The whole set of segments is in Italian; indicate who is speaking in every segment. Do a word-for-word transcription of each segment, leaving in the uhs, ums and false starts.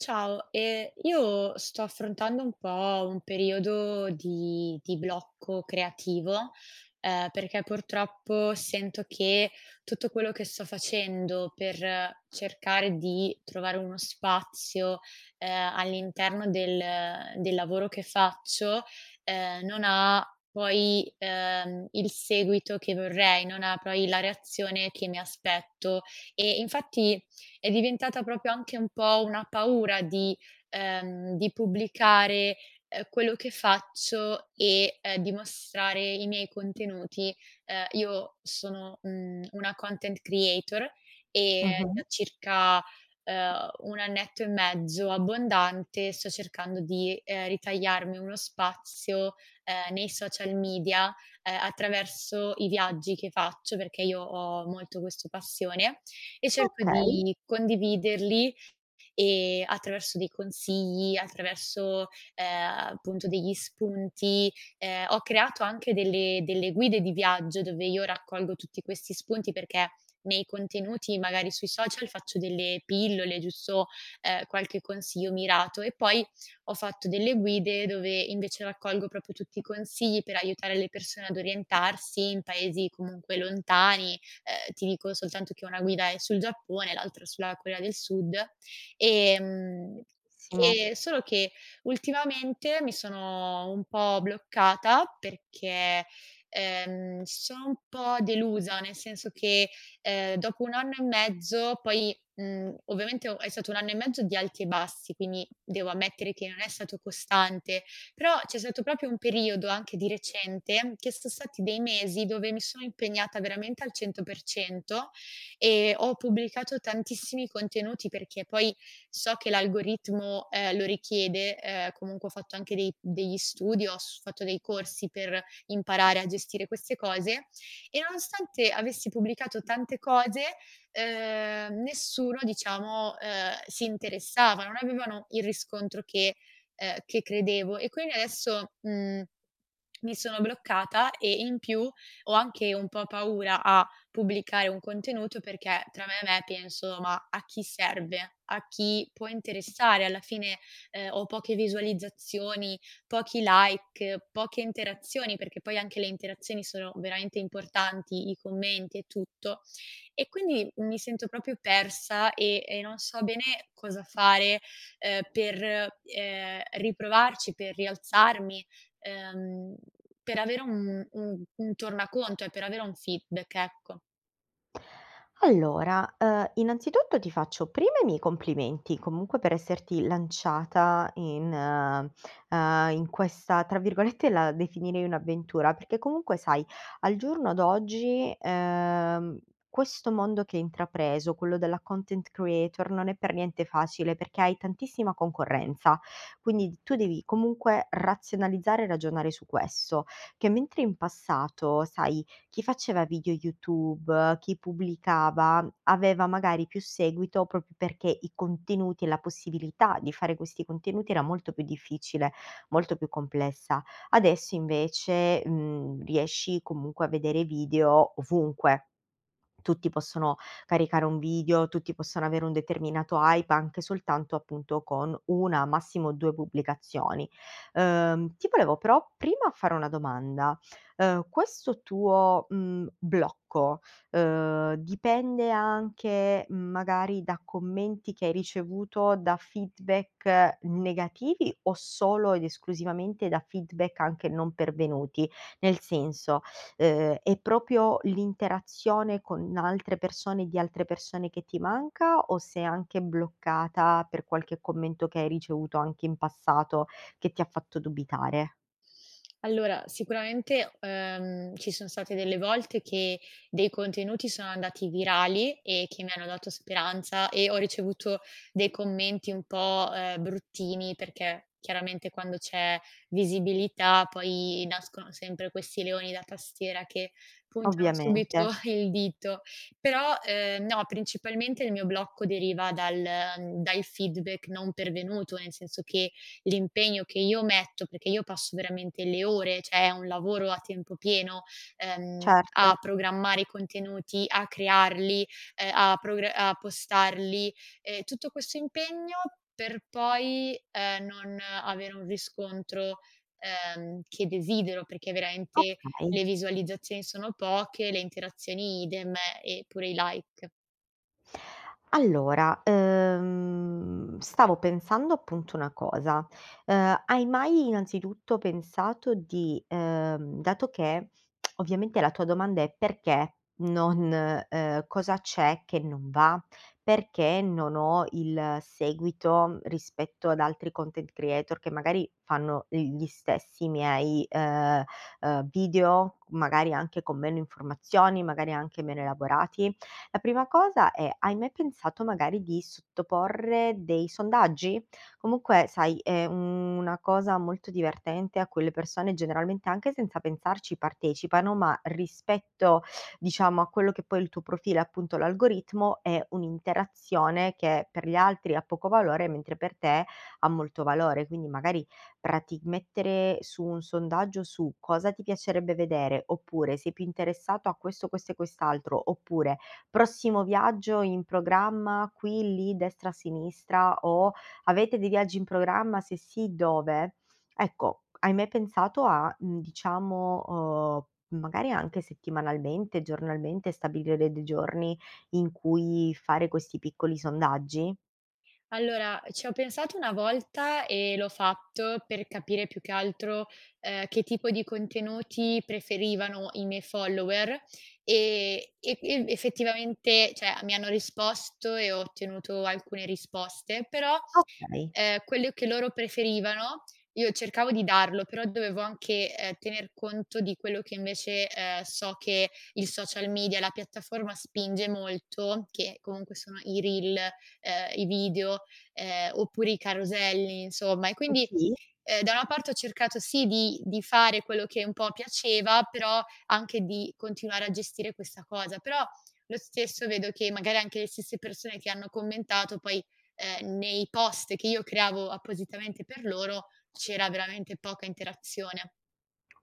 Speaker 1: Ciao, ehm, io sto affrontando un po' un periodo di di blocco creativo, uhm, perché purtroppo sento che tutto quello che sto facendo per cercare di trovare uno spazio, ehm, all'interno del uhm, del lavoro che faccio, ehm, non ha poi, ehm, il seguito che vorrei, non ha poi la reazione che mi aspetto, e infatti, è diventata propio anche un po' una paura di ehm, di pubblicare, ehm, quello che faccio, e, ehm, di mostrare i miei contenuti. Uhm, io sono, mhmm, una content creator e
Speaker 2: Mh-mh.
Speaker 1: da circa, ehm, un annetto e mezzo abbondante sto cercando di, ehm, ritagliarmi uno spazio, ehm, nei social media, ehm, attraverso i viaggi che faccio, perché io ho molto questo passione e cerco
Speaker 2: Okay.
Speaker 1: di condividerli, ehm, attraverso dei consigli, attraverso, ehm, appunto degli spunti. Ehm, ho creato anche delle delle guide di viaggio, dove io raccolgo tutti questi spunti, perché nei contenuti, magari sui social faccio delle pillole, giusto, ehm, qualche consiglio mirato, e poi ho fatto delle guide dove invece raccolgo propo tutti i consigli per aiutare le persone ad orientarsi in paesi comunque lontani. Uhm, ti dico soltanto che una guida è sul Giappone e l'altra sulla Corea del Sud. Ehm,
Speaker 2: Simo.
Speaker 1: e solo che, ultimamente mi sono un po' bloccata, perché, ehm, sono un po' delusa, nel senso che, ehm, dopo un anno e mezzo poi, mhmm, ovviamente o è stato un anno e mezzo di alti e bassi, quindi devo ammettere che non è stato costante, però c'è stato propio un periodo anche di recente, che so' stati dei mesi dove mi sono impegnata veramente al cento per cento, ehm, ho pubblicato tantissimi contenuti perché poi so che l'algoritmo, ehm, lo richiede, ehm, comunque ho fatto anche dei degli studi, ho s fatto dei corsi per imparare a gestire queste cose, e nonostante avessi pubblicato tante cose, uhm, nessuno diciamo, uhm, si interessava, non avevano il riscontro che ehm, che credevo e quini adesso, mhmm, mi sono bloccata e in più ho anche un po' paura a pubblicare un contenuto, perché tra me e me penso: "Ma a chi serve, a chi può interessare alla fine?" Ehm, ho poche visualizzazioni, pochi like, poche interazioni, perché poi anche le interazioni sono veramente importanti, i commenti e tutto; e quindi mi sento propio persa, ehm e non so bene cosa fare, ehm, per, ehm, riprovarci, per rialzarmi, ehm, per avere un un un tornaconto e per avere un feedback, ecco.
Speaker 2: Allora, uhm, innanzitutto, ti faccio prima i miei complimenti, comunque, per esserti lanciata in uhm, in questa tra virgolette, la definirei "un'avventura" perché comunque, sai, al giorno d'oggi, ehm, questo mondo che hai intrapreso, quello della content creator, non è per niente facile, perché hai tantissima concorrenza, quindi d tu devi, comunque, razionalizzare e ragionare su questo: che mentre in passato, sai, chi faceva video YouTube, chi pubblicava, aveva magari più seguito, propo perché i contenuti, e la possibilità di fare questi contenuti, era molto più difficile, molto più complessa. Adesso invece, mhmm, riesci, comunque, a vedere video, ovunque. Tutti possono caricare un video, tutti possono avere un determinato hype, anche soltanto, appunto, con una, massimo due pubblicazioni. Uhm, ti volevo, però, prima, fare una domanda: uhm, questo tuo, mhmm, blocco, uhm, dipende anche, magari, da commenti che hai ricevuto, da feedback negativi, o solo ed esclusivamente da feedback anche non pervenuti? Nel senso, uhm, è propio l'interazione con altre persone e di altre persone, che ti manca, o sei anche bloccata per qualche commento che hai ricevuto, anche in passato, che ti ha fatto dubitare?
Speaker 1: Allora, sicuramente, uhm, ci son state delle volte che dei contenuti sono andati virali e che mi hanno dato speranza e ho ricevuto dei commenti un po', uhm, bruttini perché, chiaramente quando c'è visibilità poi nascono sempre questi leoni da tastiera che puntano subito
Speaker 2: Ovviamente.
Speaker 1: il dito. Però, ehm, no, principalmente il mio blocco deriva dal da il feedback non pervenuto, nel senso che l'impegno che io metto, perché io passo veramente le ore, ceh è un lavoro a tempo pieno, ehm,
Speaker 2: Certo.
Speaker 1: a programmare i contenuti, a crearli, ehm, a progra a postarli, e tutto questo impegno per poi, ehm, non avere un riscontro, ehm, che desidero perché veramente
Speaker 2: Okay.
Speaker 1: le visualizzazioni sono poche, le interazioni idem, e pure i like.
Speaker 2: Allora, uhm, stavo pensando, appunto, una cosa. Uhm, hai mai innanzitutto pensato di uhm, dato che ovviamente la tua domanda è: "Perché non" uhm, "cosa c'è che non va? Perché non ho il seguito rispetto ad altri content creator, che magari fanno gli stessi miei, uhm, uhm, video, magari anche con meno informazioni, magari anche meno elaborati?" La prima cosa è: hai mai pensato magari di sottoporre dei sondaggi? Comunque, sai, è una cosa molto divertente a cui le persone generalmente, anche senza pensarci, partecipano, ma rispetto diciamo a quello che poi è il tuo profilo e appunto l'algoritmo, è un'interazione che per gli altri ha poco valore, mentre per te ha molto valore. Quindi magari, prati mettere su un sondaggio su: "Cosa ti piacerebbe vedere?" oppure, "Sei più interessato a questo, questo e quest'altro", oppure, "Prossimo viaggio in programma qui, lì, destra, sinistra", o, "Avete dei viaggi in programma? Se sì, dove?" Ecco, hai mai pensato a, mhmm, diciamo, uhm, magari, anche settimanalmente, giornalmente, stabilire de dei giorni, in cui fare questi piccoli sondaggi?
Speaker 1: Allora, ci ho pensato una volta e l'ho fatto per capire più che altro, ehm, che tipo di contenuti preferivano i miei follower, e e ev effettivamente, ceh a mi hanno risposto e ho ottenuto alcune risposte; però,
Speaker 2: Okay.
Speaker 1: ehm, quello che loro preferivano io cercavo di darlo, però dovevo anche, ehm, tener conto di quello che invece, ehm, so che il social media, la piattaforma, spinge molto, che comunque sono i reel, ehm, i video, ehm, oppure i caroselli, insomma. E
Speaker 2: Ah
Speaker 1: quindi,
Speaker 2: sì?
Speaker 1: ehm, da una parte ho cercato sì, di di fare quello che un po' piaceva, però anche di continuare a gestire questa cosa, però lo stesso vedo che magari anche le stesse persone che hanno commentato poi, ehm, nei post che io creavo appositamente per loro, c'era veramente poca interazione.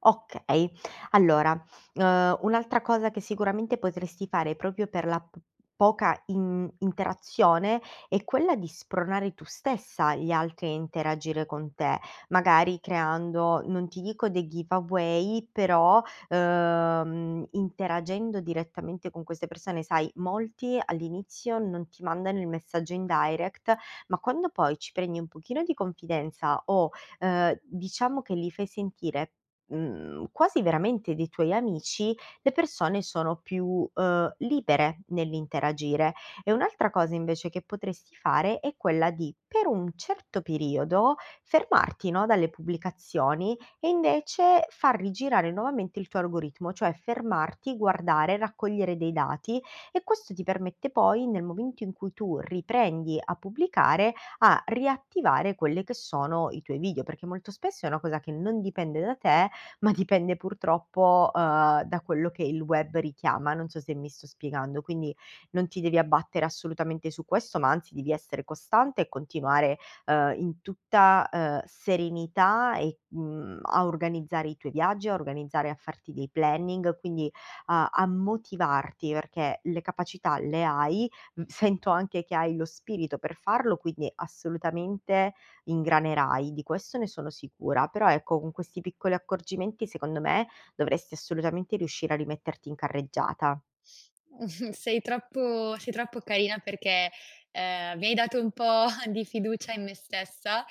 Speaker 2: Okay, allora, uhm, un'altra cosa che sicuramente potresti fare, propio per la p poca in interazione, è quella di spronare tu stessa gli altri a interagire con te, magari creando non ti dico dei giveaway, però, uhm, interagendo direttamente con queste persone. Sai, molti all'inizio non ti mandano il messaggio in direct, ma quando poi ci prendi un pochino di confidenza o, ehm, diciamo che li fai sentire, mhmm, quasi veramente dei tuoi amici, le persone sono più, uhm, libere nell'interagire. E un'altra cosa invece che potresti fare è quella di, per un certo periodo, fermarti no, dalle pubblicazioni, e invece far rigirare nuovamente il tuo argoritmo, cioè, fermarti, guardare, raccogliere dei dati, e questo ti permette poi, nel momento in cui tu riprendi a pubblicare, a riattivare quelle che sono i tuoi video, perché molto spesso è una cosa che non dipende da te, ma dipende, purtroppo, uhm, da quello che il web richiama, non so se mi sto spiegando. Quindi, non ti devi abbattere assolutamente su questo, ma anzi devi essere costante e continuare, uhm, in tutta, ehm, serenità e mhmm, a organizzare i tuoi viaggi, a organizzare a farti dei planning, quindi a a motivarti perché le capacità le hai, mhmm, sento anche che hai lo spirito per farlo, quindi assolutamente ingranerai, di questo ne sono sicura. Però, ecco, con questi piccoli accorgimenti secondo me dovresti assolutamente riuscire a rimetterti in carreggiata.
Speaker 1: Sei troppo sei troppo carina perché, ehm, mi hai dato un po' di fiducia in me stessa,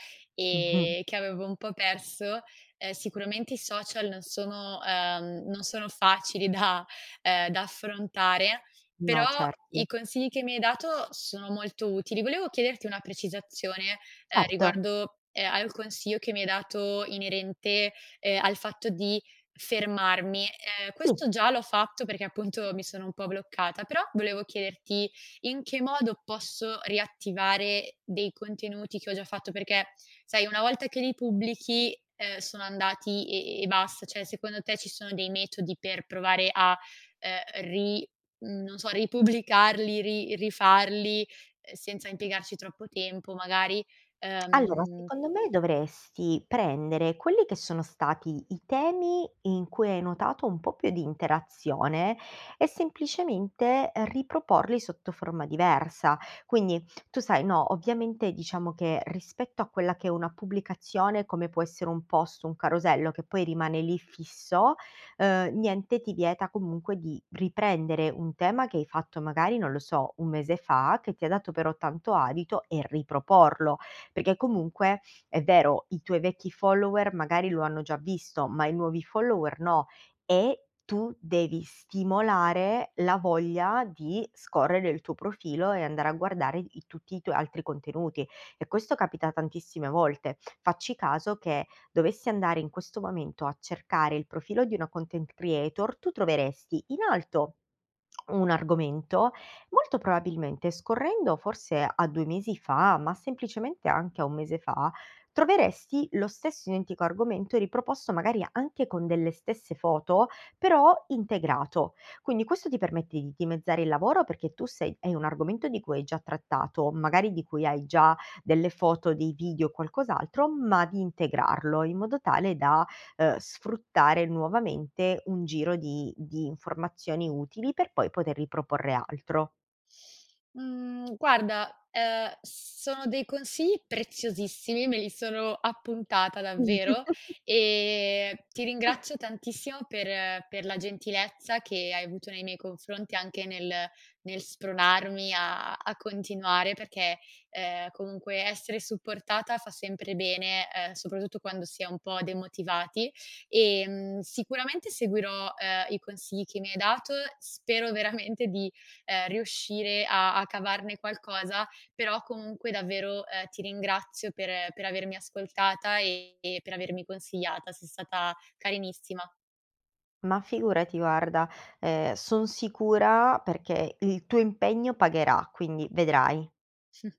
Speaker 2: Mh-mh.
Speaker 1: e che avevo un po' perso. Ehm, sicuramente i social non sono uhm, non sono facili da ehm, da affrontare,
Speaker 2: No,
Speaker 1: però i
Speaker 2: certo.
Speaker 1: consigli che mi hai dato sono molto utili. Volevo chiederti una precisazione, ehm,
Speaker 2: Certo.
Speaker 1: riguardo, ehm, al consiglio che mi hai dato inerente, ehm, al fatto di fermarmi. Ehm,
Speaker 2: Sì.
Speaker 1: questo già l'ho fatto, perché appunto mi sono un po' bloccata, però volevo chiederti: in che modo posso riattivare dei contenuti che ho già fatto? Perché, sai una volta che li pubblichi, ehm, sono andati e e basta, ceh secondo te ci sono dei metodi per provare a ehm, ri mhmm, non so ripubblicarli, ri rifarli, ehm, senza impiegarci troppo tempo magari,
Speaker 2: Allora,
Speaker 1: ehm
Speaker 2: secondo me dovresti prendere quelli che sono stati i temi in cui hai notato un po' più di interazione, e semplicemente riproporli sotto forma diversa. Quindi, tu sai no, ovviamente diciamo che, rispetto a quella che è una pubblicazione come può essere un post, un carosello che poi rimane lì, fisso, uhm, niente ti vieta, comunque, di riprendere un tema che hai fatto, magari, non lo so, un mese fa, che ti ha dato però tanto adito, e riproporlo, perché comunque è vero, i tuoi vecchi follower, magari lo hanno già visto, ma i nuovi follower no, e tu devi stimolare la voglia di scorrere il tuo profilo e andare a guardare i tutti i tuoi altri contenuti, e questo capita tantissime volte. Facci caso che, dovessi andare in questo momento a cercare il profilo di una content creator, tu troveresti, in alto un argomento; molto probabilmente scorrendo, forse, a due mesi fa, ma semplicemente anche a un mese fa, troveresti lo stesso identico argomento riproposto magari anche con delle stesse foto, però integrato. Quindi, questo ti permette di dimezzare il lavoro perché tu sei hai un argomento di cui hai già trattato, magari di cui hai già delle foto, dei video o qualcos'altro, ma di integrarlo in modo tale da, uhm, sfruttare nuovamente un giro di di informazioni utili, per poi poter riproporre altro.
Speaker 1: Mhmm, guarda, ehm, sono dei consigli preziosissimi, me li sono appuntata davvero, e ti ringrazio tantissimo per per la gentilezza che hai avuto nei miei confronti, anche nel nel spronarmi a a continuare perché, ehm, comunque essere supportata fa sempre bene, ehm, soprattutto quando si è un po' demotivati, e, mhmm, sicuramente seguirò, ehm, i consigli che mi hai dato, spero veramente di, ehm, riuscire a a cavarne qualcosa, però, comunque, davvero, ehm, ti ringrazio per per avermi ascoltata e e per avermi consigliata, sei stata carinissima.
Speaker 2: Ma figurati guarda, ehm, son sicura perché il tuo impegno pagherà, quindi vedrai.